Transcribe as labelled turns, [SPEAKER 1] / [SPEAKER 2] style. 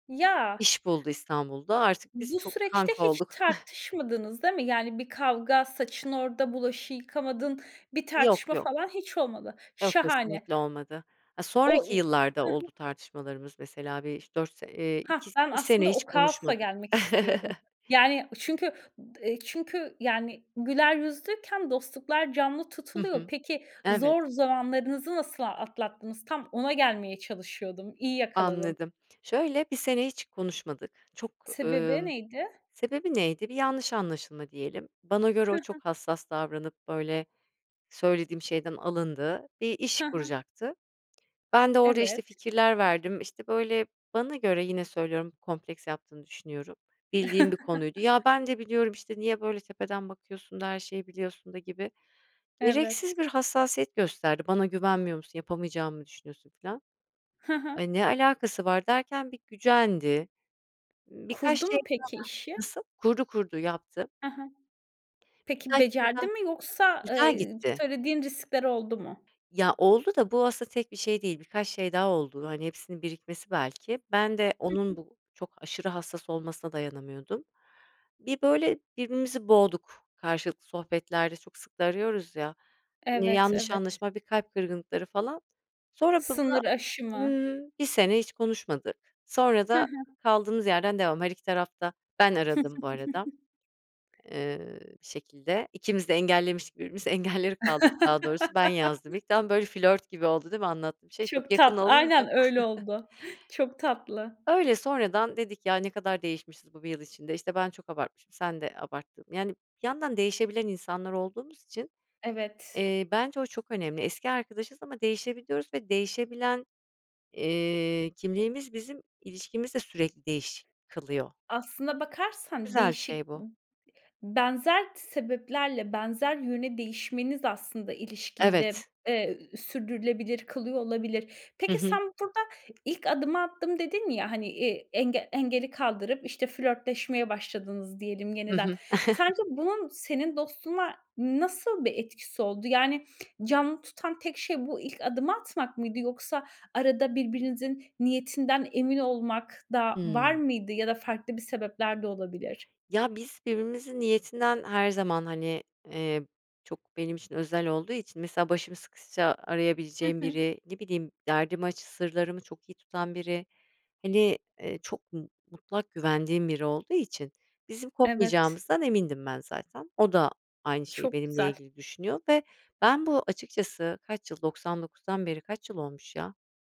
[SPEAKER 1] Ya.
[SPEAKER 2] İş buldu İstanbul'da, artık biz
[SPEAKER 1] Bu
[SPEAKER 2] çok
[SPEAKER 1] süreçte
[SPEAKER 2] kanka
[SPEAKER 1] hiç
[SPEAKER 2] olduk.
[SPEAKER 1] tartışmadınız, değil mi? Yani, bir kavga, "Saçın orada, bulaşığı yıkamadın." bir
[SPEAKER 2] Yok,
[SPEAKER 1] tartışma
[SPEAKER 2] yok.
[SPEAKER 1] falan hiç olmadı.
[SPEAKER 2] Yok,
[SPEAKER 1] Şahane.
[SPEAKER 2] kesinlikle olmadı. Ha,
[SPEAKER 1] O,
[SPEAKER 2] sonraki
[SPEAKER 1] iii
[SPEAKER 2] yıllarda
[SPEAKER 1] Hı hı.
[SPEAKER 2] oldu tartışmalarımız, mesela bir 3- 4 se Eee,
[SPEAKER 1] Hah.
[SPEAKER 2] 2
[SPEAKER 1] Ben
[SPEAKER 2] sene
[SPEAKER 1] aslında
[SPEAKER 2] hiç
[SPEAKER 1] o kaosa
[SPEAKER 2] konuşmadık.
[SPEAKER 1] gelmek istiyordum. Yani, çünkü d eee, çünkü, yani, güler yüzlüyken dostluklar canlı
[SPEAKER 2] Hı
[SPEAKER 1] tutuluyor.
[SPEAKER 2] hı.
[SPEAKER 1] Peki,
[SPEAKER 2] Evet.
[SPEAKER 1] zor zamanlarınızı nasıl atlattınız? Tam ona gelmeye çalışıyordum. İyi yakaladın.
[SPEAKER 2] Anladım. Şöyle, 1 sene hiç konuşmadık. Çok,
[SPEAKER 1] Sebebi
[SPEAKER 2] emm
[SPEAKER 1] neydi?
[SPEAKER 2] Sebebi neydi? Bir yanlış anlaşılma diyelim. Bana göre
[SPEAKER 1] Hı
[SPEAKER 2] o, çok
[SPEAKER 1] hı.
[SPEAKER 2] hassas davranıp, böyle, söylediğim şeyden alındı. Bir iş
[SPEAKER 1] Hı hı.
[SPEAKER 2] kuracaktı. Ben de orada, işte,
[SPEAKER 1] Evet.
[SPEAKER 2] fikirler verdim, işte, böyle Bana göre yine söylüyorum, kompleks yaptığını düşünüyorum. Bildiğim bir konuydu. "Ya ben de biliyorum, işte, niye böyle tepeden bakıyorsun." da, "Her şeyi biliyorsun." da, gibi gereksiz
[SPEAKER 1] Evet.
[SPEAKER 2] bir hassasiyet gösterdi. "Bana güvenmiyor musun? Yapamayacağımı mı düşünüyorsun?" Filan.
[SPEAKER 1] Hı hı.
[SPEAKER 2] "Ay, ne alakası var?" derken, bir gücendi. Birkaç
[SPEAKER 1] Kurdu
[SPEAKER 2] şey
[SPEAKER 1] mu
[SPEAKER 2] daha
[SPEAKER 1] peki işi?
[SPEAKER 2] Nasıl? Kurdu, kurdu, yaptı.
[SPEAKER 1] Hı hı. Peki
[SPEAKER 2] Birkaç şey
[SPEAKER 1] becerdi
[SPEAKER 2] daha
[SPEAKER 1] mi yoksa,
[SPEAKER 2] Güzel
[SPEAKER 1] eee,
[SPEAKER 2] gitti.
[SPEAKER 1] söylediğin riskler oldu mu?
[SPEAKER 2] Ya, oldu da bu aslında tek bir şey değil. Birkaç şey daha oldu. Hani, hepsinin birikmesi belki. Ben de,
[SPEAKER 1] Hı
[SPEAKER 2] onun,
[SPEAKER 1] hı.
[SPEAKER 2] bu, çok aşırı hassas olmasına dayanamıyordum. Bir, böyle, birbirimizi boğduk, karşılıklı sohbetlerde. Çok sık da arıyoruz ya, [unintelligible]
[SPEAKER 1] Evet,
[SPEAKER 2] yanlış
[SPEAKER 1] evet.
[SPEAKER 2] anlaşılma, bir kalp kırgınlıkları falan. Sonra b buna
[SPEAKER 1] Sınır aşımı.
[SPEAKER 2] Imm, 1 sene hiç konuşmadık, sonra
[SPEAKER 1] Hı
[SPEAKER 2] da
[SPEAKER 1] hı.
[SPEAKER 2] kaldığımız yerden devam, her iki taraf da Ben aradım bu arada, eee, bir şekilde ikimiz de engellemiştik birbirimizi, engelleri kaldırdık daha doğrusu ben yazdım ilk. Tam, böyle, flört gibi oldu, değil mi, anlattığım şey? Çok
[SPEAKER 1] Çok
[SPEAKER 2] yakın
[SPEAKER 1] tatlı.
[SPEAKER 2] olunca.
[SPEAKER 1] Aynen öyle oldu. Çok tatlı.
[SPEAKER 2] Öyle. Sonradan dedik, "Ya, ne kadar değişmişiz bu 1 yıl içinde. İşte, ben çok abartmışım, sen de abarttın." Yani, bir yandan değişebilen insanlar olduğumuz için,
[SPEAKER 1] Evet.
[SPEAKER 2] eee, bence o çok önemli. Eski arkadaşız ama değişebiliyoruz ve değişebilen, eee, kimliğimiz bizim ilişkimizi de sürekli değiş kılıyor.
[SPEAKER 1] Aslına bakarsan
[SPEAKER 2] Güzel bir
[SPEAKER 1] değişik,
[SPEAKER 2] şey
[SPEAKER 1] iii,
[SPEAKER 2] bu.
[SPEAKER 1] benzer t sebeplerle, benzer yöne değişmeniz, aslında ilişkiyi de,
[SPEAKER 2] Evet.
[SPEAKER 1] eee, sürdürülebilir kılıyor olabilir.
[SPEAKER 2] Hı
[SPEAKER 1] Peki,
[SPEAKER 2] hı.
[SPEAKER 1] sen burada "İlk adımı attım." dedin ya, hani, iii, engel engeli kaldırıp, işte, flörtleşmeye başladınız, diyelim
[SPEAKER 2] Hı
[SPEAKER 1] yeniden.
[SPEAKER 2] hı.
[SPEAKER 1] Sence bunun senin dostluğuna nasıl bir etkisi oldu? Yani canlı tutan tek şey bu ilk adımı atmak mıydı? Yoksa arada birbirinizin niyetinden emin olmak da var
[SPEAKER 2] Hıı.
[SPEAKER 1] mıydı ya da farklı bir sebepler de olabilir?
[SPEAKER 2] Ya, biz birbirimizin niyetinden, her zaman, hani, eee, çok, benim için özel olduğu için mesela başım sıkışsa
[SPEAKER 1] Hı
[SPEAKER 2] arayabileceğim
[SPEAKER 1] hı.
[SPEAKER 2] biri, ne bileyim, derdimi aç sırlarımı çok iyi tutan biri, hani, iii, çok mu mutlak güvendiğim biri olduğu için, bizim
[SPEAKER 1] Evet.
[SPEAKER 2] kopmayacağımızdan emindim ben zaten. O da aynı şeyi
[SPEAKER 1] Çok
[SPEAKER 2] benimle
[SPEAKER 1] güzel.
[SPEAKER 2] ilgili düşünüyor ve ben bu açıkçası Kaç yıl? 99'dan beri kaç yıl olmuş ya?